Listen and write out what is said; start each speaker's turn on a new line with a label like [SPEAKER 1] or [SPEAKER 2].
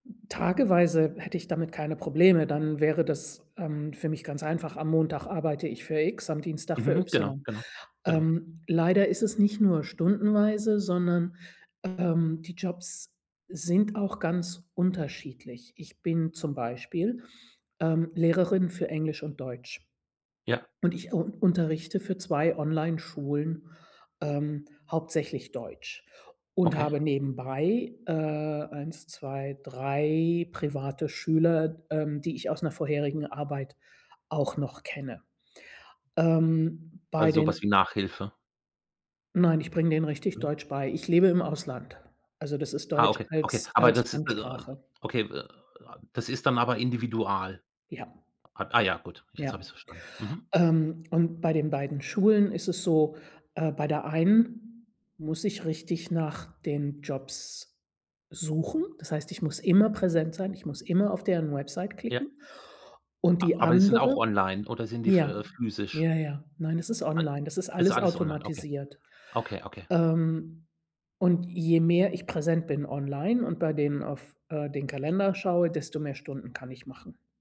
[SPEAKER 1] Tageweise hätte ich damit keine Probleme, dann wäre das, ähm, für mich ganz einfach. Am Montag arbeite ich für X, am Dienstag für
[SPEAKER 2] Mhm. Genau,
[SPEAKER 1] Y.
[SPEAKER 2] genau, genau.
[SPEAKER 1] Ähm, leider ist es nicht nur stundenweise, sondern, ähm, die Jobs sind auch ganz unterschiedlich. Ich bin zum Beispiel, ähm, Lehrerin für Englisch und Deutsch.
[SPEAKER 2] Ja.
[SPEAKER 1] Und ich u unterrichte für 2 Onlineschulen, ähm, hauptsächlich Deutsch und
[SPEAKER 2] Okay.
[SPEAKER 1] habe nebenbei, äh, 1, 2, 3 private Schüler, ähm, die ich aus 'ner vorherigen Arbeit auch noch kenne. Ähm, bei
[SPEAKER 2] Also, so was
[SPEAKER 1] den
[SPEAKER 2] wie Nachhilfe?
[SPEAKER 1] Nein, ich bringe denen richtig
[SPEAKER 2] Mhm.
[SPEAKER 1] Deutsch bei. Ich lebe im Ausland. Also, das ist
[SPEAKER 2] Ah,
[SPEAKER 1] Deutsch
[SPEAKER 2] okay, okay.
[SPEAKER 1] als
[SPEAKER 2] Aber
[SPEAKER 1] als
[SPEAKER 2] das ist also also
[SPEAKER 1] Fremdsprache.
[SPEAKER 2] okay, [unintelligible] das ist dann aber individual.
[SPEAKER 1] Ja.
[SPEAKER 2] A ah ja, gut, jetzt hab ich's
[SPEAKER 1] Ja.
[SPEAKER 2] verstanden. Mhm.
[SPEAKER 1] Ähm, und bei den beiden Schulen ist es so: Äh, bei der einen muss ich richtig nach den Jobs suchen, das heißt ich muss immer präsent sein, ich muss immer auf deren Website
[SPEAKER 2] Ja.
[SPEAKER 1] klicken, und
[SPEAKER 2] A
[SPEAKER 1] die
[SPEAKER 2] aber die sind auch
[SPEAKER 1] andere
[SPEAKER 2] online oder sind die f äh,
[SPEAKER 1] ja,
[SPEAKER 2] physisch?
[SPEAKER 1] ja, ja, nein, es ist
[SPEAKER 2] Alle
[SPEAKER 1] online, das ist
[SPEAKER 2] Ist
[SPEAKER 1] alles
[SPEAKER 2] alles online, okay.
[SPEAKER 1] automatisiert.
[SPEAKER 2] Okay, okay.
[SPEAKER 1] Ähm, und je mehr ich präsent bin online und bei denen auf, äh, den Kalender schaue, desto mehr Stunden kann ich machen.